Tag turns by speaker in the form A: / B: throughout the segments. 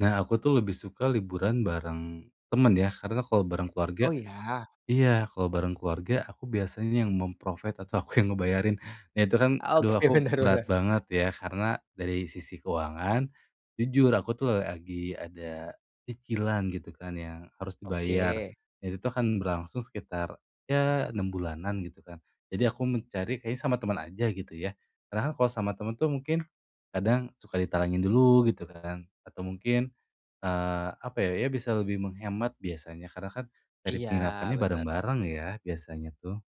A: Nah, aku tuh lebih suka liburan bareng temen ya, karena kalau bareng
B: Oh
A: keluarga
B: iya.
A: iya, kalau bareng keluarga aku biasanya yang mem-provide atau aku yang ngebayarin. Nah, itu kan aduh
B: Oke,
A: aku
B: bener
A: berat
B: bener.
A: banget ya, karena dari sisi keuangan, jujur aku tuh lagi ada cicilan gitu kan, yang harus dibayar.
B: Oke.
A: Itu tuh akan berlangsung sekitar, ya 6 bulanan gitu kan, jadi aku mencari kayaknya sama teman aja gitu ya. Karena kan kalau sama teman tuh, mungkin, kadang suka ditalangin dulu gitu kan, atau mungkin, eee, apa ya, ya bisa lebih menghemat biasanya, karena kan dari
B: Iya,
A: penginapannya
B: bener.
A: bareng-bareng ya, biasanya tuh.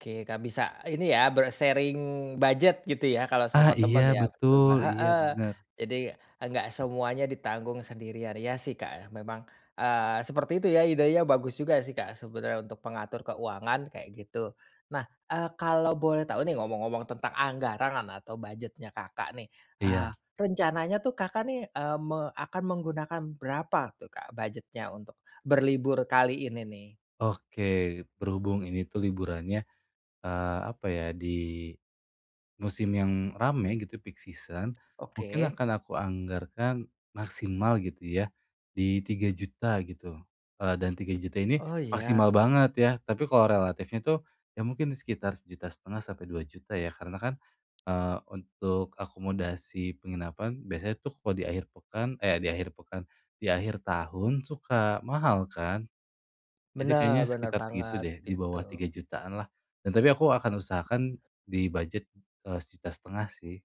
B: Oke, gak bisa ini ya, ber-sharing budget gitu ya, kalau
A: Ah,
B: sama
A: iya
B: temen. Iya, betul
A: betul,
B: Mbak,
A: iya
B: heeh,
A: bener.
B: jadi, eee, gak semuanya ditanggung sendirian. Iya, sih, Kak, memang, eee, seperti itu ya, idenya bagus juga sih, Kak, sebenernya untuk pengatur keuangan kayak gitu. Nah, eee, kalau boleh tahu nih, ngomong-ngomong tentang anggaran atau budget-nya, Kakak nih. Eee,
A: Iya.
B: rencananya tuh Kakak nih, eee, me akan menggunakan berapa tuh, Kak, budgetnya untuk berlibur kali ini nih?
A: Oke. Berhubung ini tuh liburannya, eee, apa ya, di musim yang rame gitu, peak season. Mungkin
B: Oke.
A: akan aku anggarkan maksimal gitu ya, di Rp3.000.000 gitu, eee, dan Rp3.000.000 ini
B: Oh,
A: maksimal
B: iya.
A: banget ya, tapi kalau relatifnya tuh, ya mungkin sekitar Rp1.500.000 sampai Rp2.000.000 ya, karena kan, eee, untuk akomodasi penginapan, biasanya tuh kalau di akhir pekan eh di akhir pekan, di akhir tahun suka mahal kan. Jadi kayaknya
B: Benar benar
A: sekitar segitu
B: banget
A: deh, di bawah tiga
B: gitu.
A: jutaanlah, dan tapi aku akan usahakan di budget, eee, Rp1.500.000 sih.